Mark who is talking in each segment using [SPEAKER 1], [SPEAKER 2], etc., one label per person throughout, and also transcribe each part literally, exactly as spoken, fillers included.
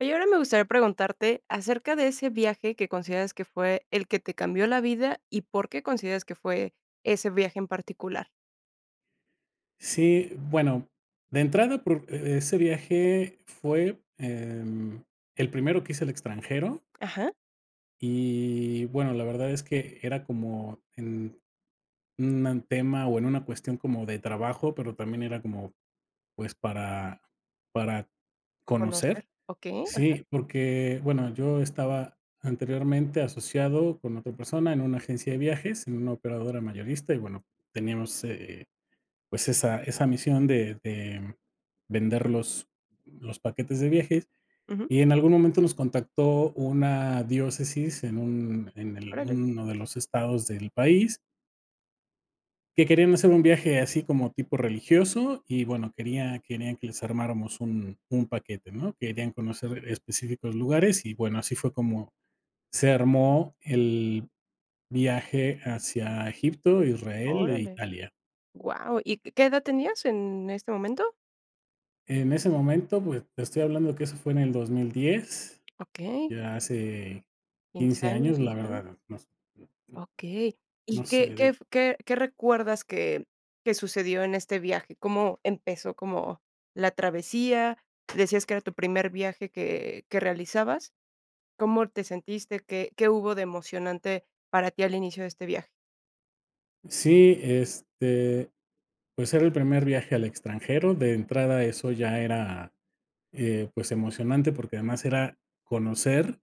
[SPEAKER 1] Oye, y ahora me gustaría preguntarte acerca de ese viaje que consideras que fue el que te cambió la vida y por qué consideras que fue ese viaje en particular.
[SPEAKER 2] Sí, bueno, de entrada, por e ese viaje fue, em, el primero que hice al extranjero
[SPEAKER 1] Ajá.
[SPEAKER 2] y bueno, la verdad es que era como en un tema o en una cuestión como de trabajo, pero también era como pues para para
[SPEAKER 1] Conocer,
[SPEAKER 2] conocer.
[SPEAKER 1] okey, ajá.
[SPEAKER 2] Sí, porque, bueno, yo estaba anteriormente asociado con otra persona en una agencia de viajes, en una operadora mayorista y, bueno, teníamos, eh, pues esa esa misión de de vender los los paquetes de viajes
[SPEAKER 1] Ujú.
[SPEAKER 2] y en algún momento nos contactó una diócesis en un en el
[SPEAKER 1] Órale.
[SPEAKER 2] uno de los estados del país que querían hacer un viaje así como tipo religioso y bueno querían querían que les armáramos un un paquete, ¿no? Querían conocer específicos lugares y bueno, así fue como se armó el viaje hacia Egipto, Israel e
[SPEAKER 1] Órale.
[SPEAKER 2] Italia.
[SPEAKER 1] Guau, ¿y qué edad tenías en este momento?
[SPEAKER 2] En ese momento, pues, te estoy hablando que eso fue en el dos mil diez,
[SPEAKER 1] Okey.
[SPEAKER 2] ya hace
[SPEAKER 1] quince
[SPEAKER 2] quince
[SPEAKER 1] años
[SPEAKER 2] años,
[SPEAKER 1] más
[SPEAKER 2] la
[SPEAKER 1] grande.
[SPEAKER 2] verdad nos
[SPEAKER 1] Okey, ¿y
[SPEAKER 2] nos.
[SPEAKER 1] qué
[SPEAKER 2] [unintelligible]
[SPEAKER 1] qué qué recuerdas que qué sucedió en este viaje? ¿Cómo empezó como la travesía? ¿Decías que era tu primer viaje que que realizabas? ¿Cómo te sentiste? ¿Qué qué hubo de emocionante para ti al inicio de este viaje?
[SPEAKER 2] Sí, este, pues, era el primer viaje al extranjero, de entrada eso ya era, eh, pues, emocionante, porque además era conocer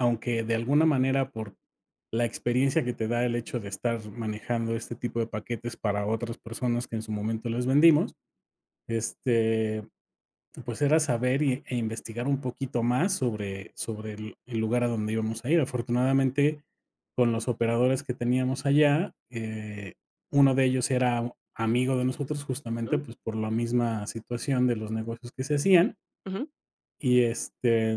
[SPEAKER 2] aunque de alguna manera por la experiencia que te da, el hecho de estar manejando este tipo de paquetes para otras personas, que en su momento les vendimos. Este, pues, era saber y e investigar un poquito más sobre sobre el el lugar a donde íbamos a ir. Afortunadamente, con los operadores que teníamos allá, eh, uno de ellos era u amigo de nosotros justamente,
[SPEAKER 1] Ujú.
[SPEAKER 2] pues, por la misma situación de los negocios que se hacían.
[SPEAKER 1] Ujú.
[SPEAKER 2] Y este,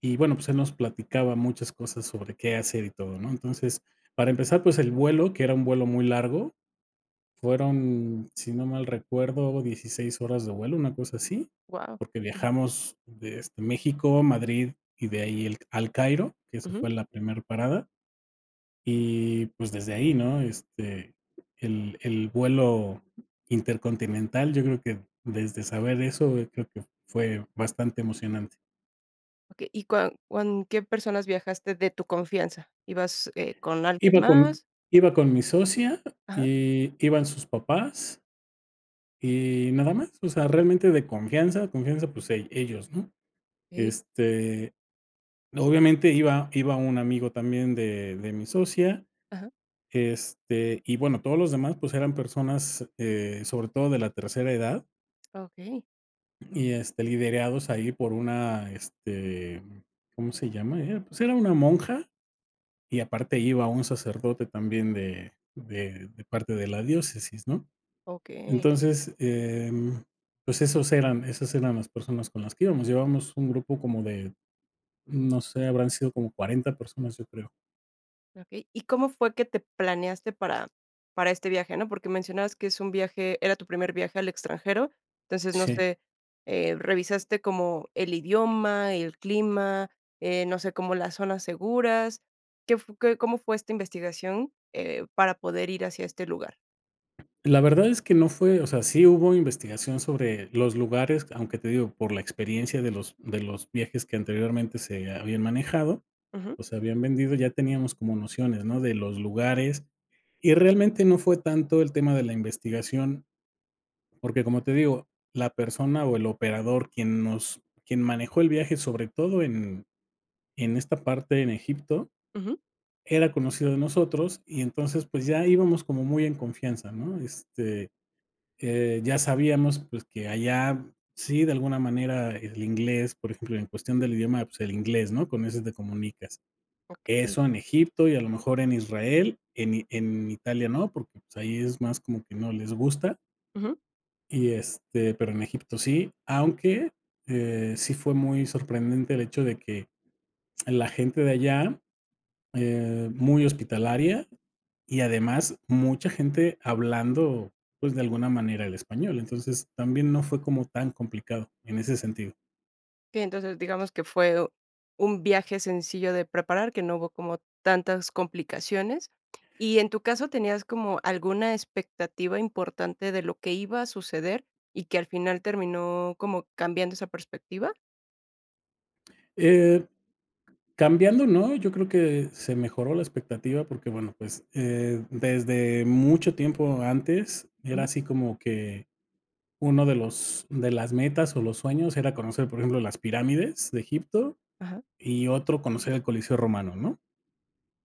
[SPEAKER 2] y bueno, pues, él nos platicaba muchas cosas sobre qué hacer y todo, ¿no? Entonces para empezar, pues, el vuelo, que era un vuelo muy largo fueron, si no mal recuerdo, dieciséis horas de vuelo, una cosa así,
[SPEAKER 1] Guau,
[SPEAKER 2] porque
[SPEAKER 1] ujú.
[SPEAKER 2] viajamos de, este, México, Madrid y de ahí el al Cairo, que esa
[SPEAKER 1] Ujú.
[SPEAKER 2] fue la primer parada. Y, pues, desde ahí, ¿no?, este, el el vuelo intercontinental yo creo que, desde saber eso, yo creo que fue bastante emocionante.
[SPEAKER 1] Okey, ¿y cuan cuan qué personas viajaste de tu confianza? ¿Ibas, eh, con alguien
[SPEAKER 2] Iba con
[SPEAKER 1] más?
[SPEAKER 2] iba con mi socia
[SPEAKER 1] Ajá.
[SPEAKER 2] y iban sus papás y nada más, o sea, realmente de confianza, confianza, pues, e ellos, ¿no?,
[SPEAKER 1] Okey.
[SPEAKER 2] este, obviamente iba iba un amigo también de de mi socia,
[SPEAKER 1] Ajá.
[SPEAKER 2] este, y bueno, todos los demás, pues, eran personas, eh, sobre todo de la tercera edad.
[SPEAKER 1] Okey.
[SPEAKER 2] Y este, liderados ahí por una este, ¿cómo se llama?, era pues, era una monja y aparte iba un sacerdote también, de de de parte de la diócesis, ¿no?,
[SPEAKER 1] Okey.
[SPEAKER 2] entonces, eh, mm, pues, esos eran esas eran las personas con las que íbamos. Llevamos un grupo como de, no sé, habrán sido como cuarenta personas, yo creo.
[SPEAKER 1] Okey, ¿y cómo fue que te planeaste para para este viaje? ¿No?, porque mencionabas que es un viaje, era tu primer viaje al extranjero, entonces no
[SPEAKER 2] Sí.
[SPEAKER 1] sé, eh, ¿revisaste como el idioma y el clima, eh, no sé, como las zonas seguras? ¿Qué fu qué cómo fue esta investigación?, eh, para poder ir hacia este lugar.
[SPEAKER 2] La verdad es que no fue, o sea, sí hubo investigación sobre los lugares, aunque te digo, por la experiencia de los de los viajes que anteriormente se habían manejado,
[SPEAKER 1] Ujú.
[SPEAKER 2] o se habían vendido, ya teníamos como nociones, ¿no?, de los lugares y realmente no fue tanto el tema de la investigación porque como te digo, la persona o el operador quien nos, quien manejó el viaje sobre todo en en esta parte en Egipto,
[SPEAKER 1] Ujú.
[SPEAKER 2] era conocido de nosotros y entonces, pues, ya íbamos como muy en confianza, ¿no?, este, eh, ya sabíamos, pues, que allá sí de alguna manera el inglés, por ejemplo, en cuestión del idioma, pues, el inglés, ¿no?, con ese te comunicas.
[SPEAKER 1] Okey.
[SPEAKER 2] Eso en Egipto y a lo mejor en Israel, en en Italia no, porque, pues, ahí es más como que no les gusta
[SPEAKER 1] Ujú.
[SPEAKER 2] y este, pero en Egipto sí. Aunque, eh, sí fue muy sorprendente el hecho de que, la gente de allá, eh, muy hospitalaria y además mucha gente hablando, pues, de alguna manera el español. Entonces, también no fue como tan complicado, en ese sentido.
[SPEAKER 1] Sí entonces digamos que fue u un viaje sencillo de preparar que no hubo como tantas complicaciones y en tu caso, ¿tenías como alguna expectativa importante de lo que iba a suceder, y que al final terminó como cambiando esa perspectiva?
[SPEAKER 2] Eh, cambiando, ¿no? Yo creo que se mejoró la expectativa porque, bueno, pues, eh, desde mucho tiempo antes, era
[SPEAKER 1] Ujú.
[SPEAKER 2] así como que uno de los de las metas, o, los sueños era conocer, por ejemplo, las pirámides de Egipto,
[SPEAKER 1] Ajá.
[SPEAKER 2] y otro conocer el Coliseo Romano, ¿no?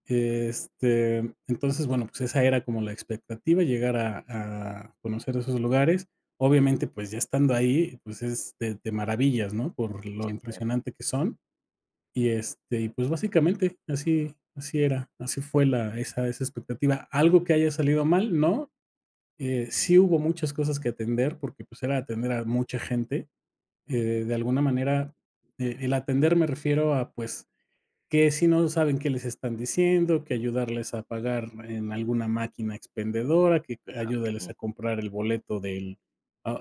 [SPEAKER 2] Este, entonces, bueno, pues, esa era como la expectativa, llegar a a conocer esos lugares, obviamente, pues, ya estando ahí, pues, es te te maravillas, ¿no? Por lo
[SPEAKER 1] Sí, claro.
[SPEAKER 2] impresionante que son, y este, y, pues, básicamente, así así era, así fue la esa esa expectativa. ¿Algo que haya salido mal?, no. Eh, sí hubo muchas cosas que atender, porque, pues, era atender a mucha gente, eh, de alguna manera, el atender, me refiero a, pues, que si no saben qué les están diciendo, que ayudarles a pagar en alguna máquina expendedora, que
[SPEAKER 1] Ah,
[SPEAKER 2] ayúdales
[SPEAKER 1] okey.
[SPEAKER 2] a comprar el boleto del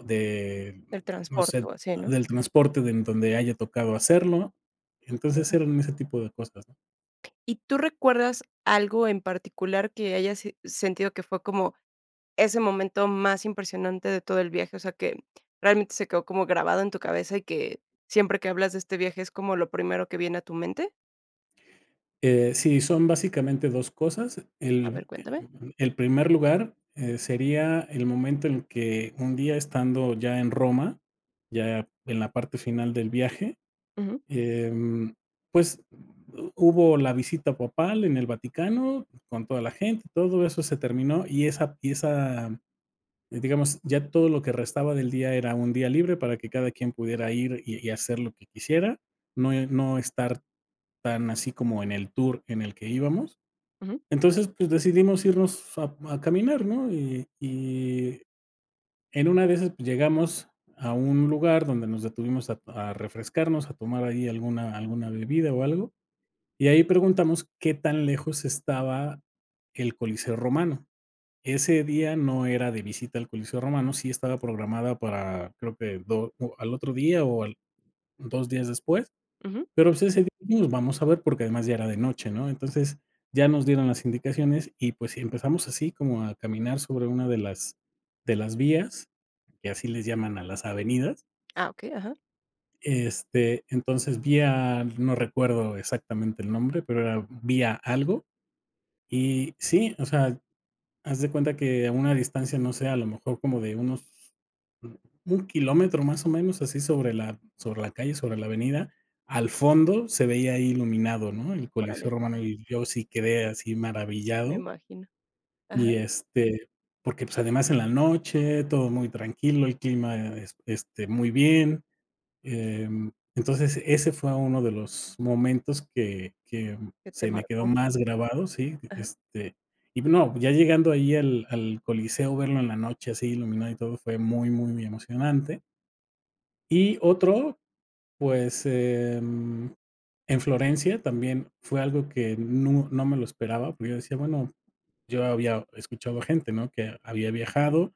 [SPEAKER 2] de
[SPEAKER 1] El
[SPEAKER 2] no
[SPEAKER 1] transporte,
[SPEAKER 2] sé,
[SPEAKER 1] o, así, ¿no?
[SPEAKER 2] del transporte de en donde haya tocado hacerlo. Entonces
[SPEAKER 1] Ujú.
[SPEAKER 2] eran ese tipo de cosas.
[SPEAKER 1] ¿Y tú recuerdas algo en particular que hayas si sentido que fue como ese momento más impresionante de todo el viaje, o sea, que realmente se quedó como grabado en tu cabeza, y que siempre que hablas de este viaje es como lo primero que viene a tu mente?
[SPEAKER 2] Eh, sí, son básicamente dos cosas,
[SPEAKER 1] A
[SPEAKER 2] el
[SPEAKER 1] ver, cuéntame.
[SPEAKER 2] el primer lugar, eh, sería el momento en que un día estando ya en Roma, ya en la parte final del viaje,
[SPEAKER 1] Ujú.
[SPEAKER 2] em, pues, hubo la visita papal en el Vaticano, con toda la gente, todo eso se terminó, y esa y esa digamos, ya todo lo que restaba del día era un día libre para que cada quien pudiera ir y y hacer lo que quisiera, no no estar tan así como en el tour en el que íbamos,
[SPEAKER 1] Ujú.
[SPEAKER 2] entonces, pues, decidimos irnos a a caminar, ¿no? Y y en una de esas, pues, llegamos a un lugar donde nos detuvimos a a refrescarnos, a tomar ahí alguna alguna bebida, o, algo, y ahí preguntamos qué tan lejos estaba el Coliseo Romano, ese día no era de visita al Coliseo Romano, sí estaba programada para creo que do al otro día o al dos días después,
[SPEAKER 1] Ujú.
[SPEAKER 2] pero, pues, ese día vamos a ver, porque además ya era de noche, ¿no? Entonces ya nos dieron las indicaciones, y pues si, empezamos así como a caminar sobre una de las de las vías, que así les llaman a las avenidas.
[SPEAKER 1] Ah, okey, ajá.
[SPEAKER 2] Este, entonces, vía no recuerdo exactamente el nombre, pero era vía algo y sí, o sea, haz de cuenta que a una distancia, no sé, a lo mejor como de unos un kilómetro, más o menos, así sobre la sobre la calle, sobre la avenida, al fondo se veía ahí iluminado, ¿no? El Coliseo
[SPEAKER 1] Órale.
[SPEAKER 2] Romano, y yo sí quedé así
[SPEAKER 1] Sí me
[SPEAKER 2] maravillado.
[SPEAKER 1] imagino, ajá.
[SPEAKER 2] Y este, porque, pues, además en la noche, todo muy tranquilo, el clima es este muy bien, em, entonces, ese fue uno de los momentos que que
[SPEAKER 1] Que te
[SPEAKER 2] se me quedó
[SPEAKER 1] marcó.
[SPEAKER 2] más grabado, ¿sí?
[SPEAKER 1] Ajá.
[SPEAKER 2] Este, y no, ya llegando ahí al al coliseo verlo en la noche así iluminado, y todo fue muy muy emocionante. Y otro, pues, en en Florencia también fue algo que nu no me lo esperaba, porque yo decía, bueno, yo había escuchado a gente, ¿no? Que había viajado,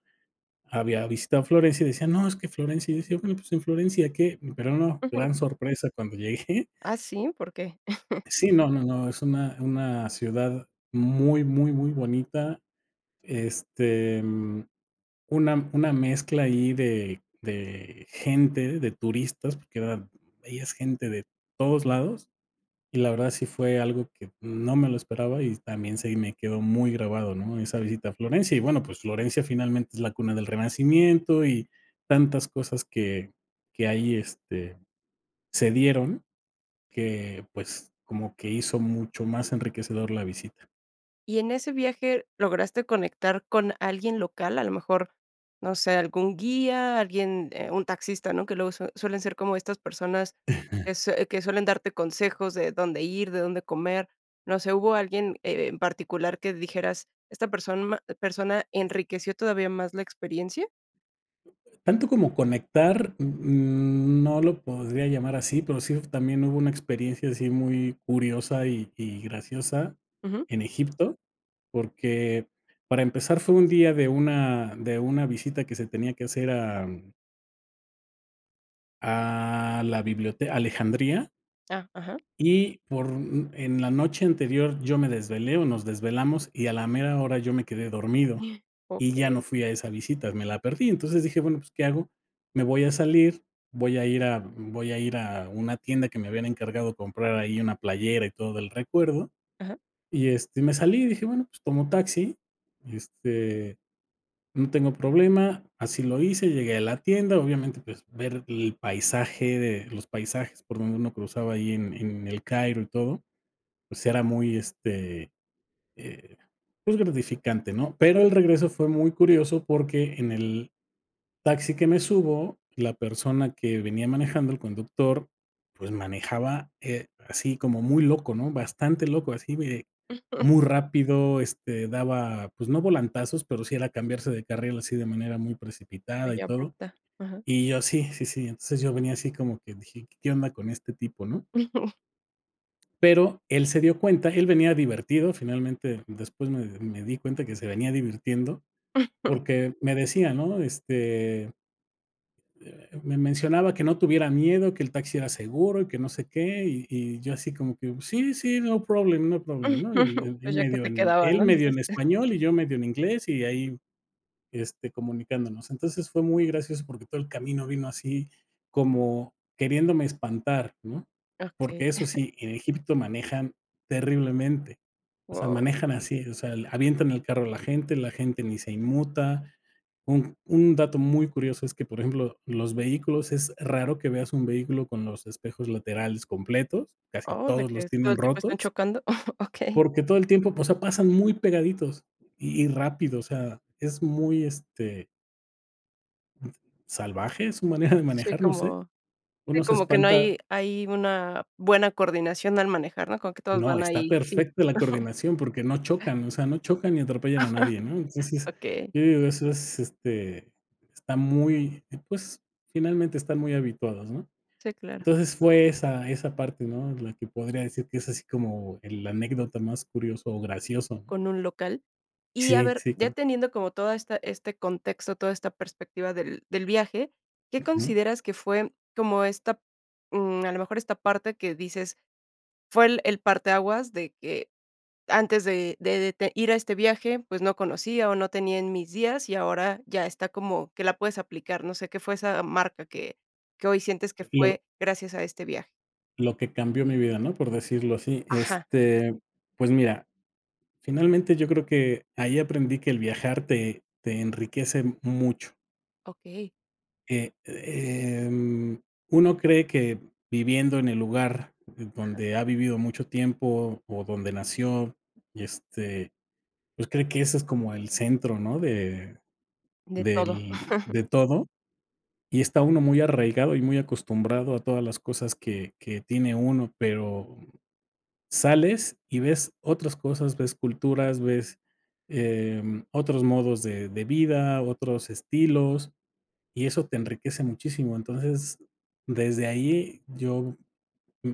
[SPEAKER 2] había visitado a Florencia y decía: "No, es que Florencia", decía, bueno, pues, en Florencia, ¿qué? Pero no,
[SPEAKER 1] Ajá.
[SPEAKER 2] gran sorpresa cuando llegué.
[SPEAKER 1] ¿Ah, sí? ¿Por qué?
[SPEAKER 2] Sí, no, no, no, es una una ciudad muy, muy, muy bonita. Este, mm, una una mezcla ahí de de gente, de turistas, porque era veías gente de todos lados. Y la verdad sí fue algo que no me lo esperaba y también se me quedó muy grabado ¿no? Esa visita a Florencia, y bueno, pues, Florencia finalmente es la cuna del renacimiento, y tantas cosas que que ahí este se dieron que, pues, como que hizo mucho más enriquecedor la visita.
[SPEAKER 1] Y en ese viaje, ¿lograste conectar con alguien local, a lo mejor, no sé, algún guía, alguien, eh, un taxista, no, que luego sue suelen ser como estas personas
[SPEAKER 2] Ajá.
[SPEAKER 1] que sue suelen darte consejos de dónde ir, de dónde comer? No sé, ¿hubo alguien en particular que dijeras, esta persona persona enriqueció todavía más la experiencia?
[SPEAKER 2] Tanto como conectar, uh, mm, no lo podría llamar así, pero, sí también hubo una experiencia así muy curiosa, y y graciosa
[SPEAKER 1] Ujú.
[SPEAKER 2] en Egipto, porque para empezar fue un día de una de una visita que se tenía que hacer a, mm a la bibliote Alejandría
[SPEAKER 1] Ah, ajá.
[SPEAKER 2] y por, mm, en la noche anterior yo me desvelé, o, nos desvelamos y a la mera hora yo me quedé dormido, y ya no
[SPEAKER 1] Okey.
[SPEAKER 2] fui a esa visita, me la perdí. Entonces, dije: "Bueno, pues, ¿qué hago?, me voy a salir, voy a ir a v voy a ir a una tienda", que me habían encargado comprar ahí una playera y todo el recuerdo.
[SPEAKER 1] Ajá.
[SPEAKER 2] Y, este, me salí y dije: "Bueno, pues, tomo taxi, este, no tengo problema", así lo hice, y llegué a la tienda, obviamente, pues, ver el paisaje, de los paisajes por donde uno cruzaba ahí en en El Cairo y todo, pues, era muy, este, eh, pues gratificante, ¿no?, pero el regreso fue muy curioso porque en el taxi que me subo, la persona que venía manejando, el conductor, pues, manejaba, eh, así como muy loco, ¿no?, bastante loco, así de muy rápido. Este, daba, pues no volantazos, pero sí era cambiarse de carril así de manera muy precipitada
[SPEAKER 1] Muy
[SPEAKER 2] y todo.
[SPEAKER 1] abrupta, ajá.
[SPEAKER 2] Y yo sí, sí, sí, entonces yo venía así como que dije: "¿Qué onda con este tipo, no?". Pero él se dio cuenta, él venía divertido, finalmente después me me di cuenta que se venía divirtiendo porque me decía, ¿no?, este eh, me mencionaba que no tuviera miedo, que el taxi era seguro y que no sé qué, y y yo así como que: "Sí, sí, no problem, no problem", ¿no?, y
[SPEAKER 1] Pues ya que
[SPEAKER 2] medio
[SPEAKER 1] te
[SPEAKER 2] en,
[SPEAKER 1] quedaba,
[SPEAKER 2] él
[SPEAKER 1] ¿no?,
[SPEAKER 2] medio
[SPEAKER 1] dices.
[SPEAKER 2] en español y yo medio en inglés y ahí este, comunicándonos. Entonces fue muy gracioso porque todo el camino vino así como queriéndome espantar, ¿no?,
[SPEAKER 1] Okey.
[SPEAKER 2] porque eso sí, en Egipto manejan terriblemente. O sea,
[SPEAKER 1] Wao.
[SPEAKER 2] manejan así, o sea, avientan el carro a la gente, la gente ni se inmuta. Un un dato muy curioso es que, por ejemplo, los vehículos es raro que veas un vehículo con los espejos laterales completos, casi
[SPEAKER 1] Oh, ¿de
[SPEAKER 2] todos
[SPEAKER 1] que
[SPEAKER 2] los
[SPEAKER 1] todo
[SPEAKER 2] tienen
[SPEAKER 1] el tiempo
[SPEAKER 2] rotos.
[SPEAKER 1] están chocando? Okey.
[SPEAKER 2] Porque todo el tiempo, o sea, pasan muy pegaditos y y rápido, o sea, es muy, este ¿salvaje?, es su manera de
[SPEAKER 1] Sí
[SPEAKER 2] manejar, no sé.
[SPEAKER 1] como si
[SPEAKER 2] Uno se
[SPEAKER 1] como que no
[SPEAKER 2] espanta.
[SPEAKER 1] hay hay una buena coordinación al manejar, ¿no?, como que todos
[SPEAKER 2] No,
[SPEAKER 1] van
[SPEAKER 2] está
[SPEAKER 1] ahí, sí.
[SPEAKER 2] perfecta la coordinación porque no chocan, o sea, no chocan ni atropellan a nadie, ¿no?, entonces,
[SPEAKER 1] Okey.
[SPEAKER 2] yo digo, eso es, este, está muy, pues, finalmente están muy habituados, ¿no?
[SPEAKER 1] Sí, claro.
[SPEAKER 2] Entonces, fue esa esa parte, ¿no?, la que podría decir que es así como el la anécdota más curioso o gracioso.
[SPEAKER 1] Con un local, y a
[SPEAKER 2] Sí,
[SPEAKER 1] ver
[SPEAKER 2] sí,
[SPEAKER 1] ya
[SPEAKER 2] claro.
[SPEAKER 1] teniendo como toda esta, este contexto, toda esta perspectiva del del viaje, ¿qué
[SPEAKER 2] Ujú.
[SPEAKER 1] consideras que fue como esta, mm, a lo mejor esta parte que dices, fue el el parteaguas de que antes de de de ir a este viaje, pues no conocía, o no tenía en mis días y ahora ya está como que la puedes aplicar?, no sé, ¿qué fue esa marca que que hoy sientes que
[SPEAKER 2] Lo
[SPEAKER 1] fue gracias a este viaje?
[SPEAKER 2] lo que cambió mi vida, ¿no?, por decirlo así.
[SPEAKER 1] Ajá.
[SPEAKER 2] Este, pues mira, finalmente, yo creo que ahí aprendí que el viajar te te enriquece mucho.
[SPEAKER 1] Okey.
[SPEAKER 2] Eh, eh, mm, uno cree que viviendo en el lugar
[SPEAKER 1] Ajá.
[SPEAKER 2] donde ha vivido mucho tiempo, o donde nació y este, pues cree que ese es como el centro, ¿no?, de,
[SPEAKER 1] De todo.
[SPEAKER 2] del de todo, y está uno muy arraigado y muy acostumbrado a todas las cosas que que tiene uno, pero sales y ves otras cosas, ves culturas, ves, eh, mm, otros modos de de vida, otros estilos, y eso te enriquece muchísimo. Entonces, desde ahí yo,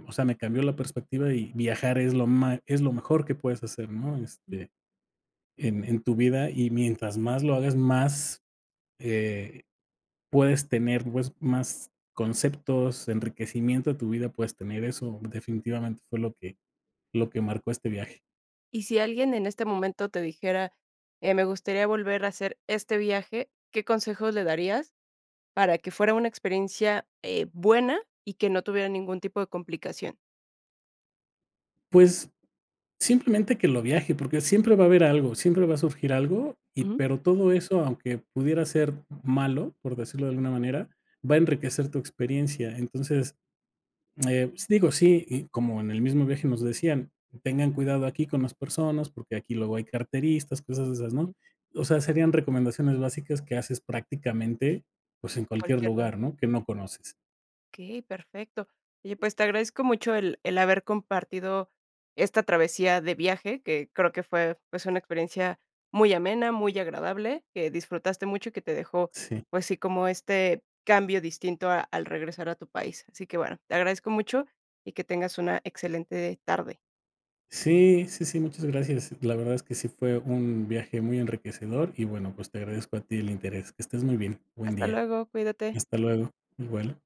[SPEAKER 2] o sea, me cambió la perspectiva y viajar es lo ma es lo mejor que puedes hacer, ¿no?,
[SPEAKER 1] Ujú.
[SPEAKER 2] este, en en tu vida y mientras más lo hagas, más, eh, puedes tener, pues, más conceptos, enriquecimiento a tu vida, puedes tener eso. Definitivamente, fue lo que lo que marcó este viaje.
[SPEAKER 1] Y si alguien en este momento te dijera: "Eh, me gustaría volver a hacer este viaje", ¿qué consejo le darías para que fuera una experiencia, eh, buena y que no tuviera ningún tipo de complicación?
[SPEAKER 2] Pues simplemente que lo viaje, porque siempre va a haber algo, siempre va a surgir algo, y
[SPEAKER 1] Ujú.
[SPEAKER 2] pero todo eso, aunque pudiera ser malo, por decirlo de alguna manera, va a enriquecer tu experiencia. Entonces, eh, digo, sí, y como en el mismo viaje nos decían, tengan cuidado aquí con las personas, porque aquí luego hay carteristas, cosas de esas, ¿no?
[SPEAKER 1] Ujú.
[SPEAKER 2] O sea, serían recomendaciones básicas que haces prácticamente, pues, en cualquier
[SPEAKER 1] Cualquier lado.
[SPEAKER 2] lugar, ¿no? Que no conoces.
[SPEAKER 1] Okey, perfecto. Oye, pues te agradezco mucho el el haber compartido esta travesía de viaje que creo que fue pues una experiencia muy amena, muy agradable, que disfrutaste mucho y que te dejó
[SPEAKER 2] Sí.
[SPEAKER 1] pues sí como este cambio distinto a al regresar a tu país. Así que bueno, te agradezco mucho y que tengas una excelente tarde.
[SPEAKER 2] Sí, sí, sí, muchas gracias. La verdad es que sí fue un viaje muy enriquecedor y bueno pues te agradezco a ti el interés. Que estés muy bien. Buen
[SPEAKER 1] Hasta
[SPEAKER 2] día.
[SPEAKER 1] luego, cuídate.
[SPEAKER 2] Hasta luego. Igual.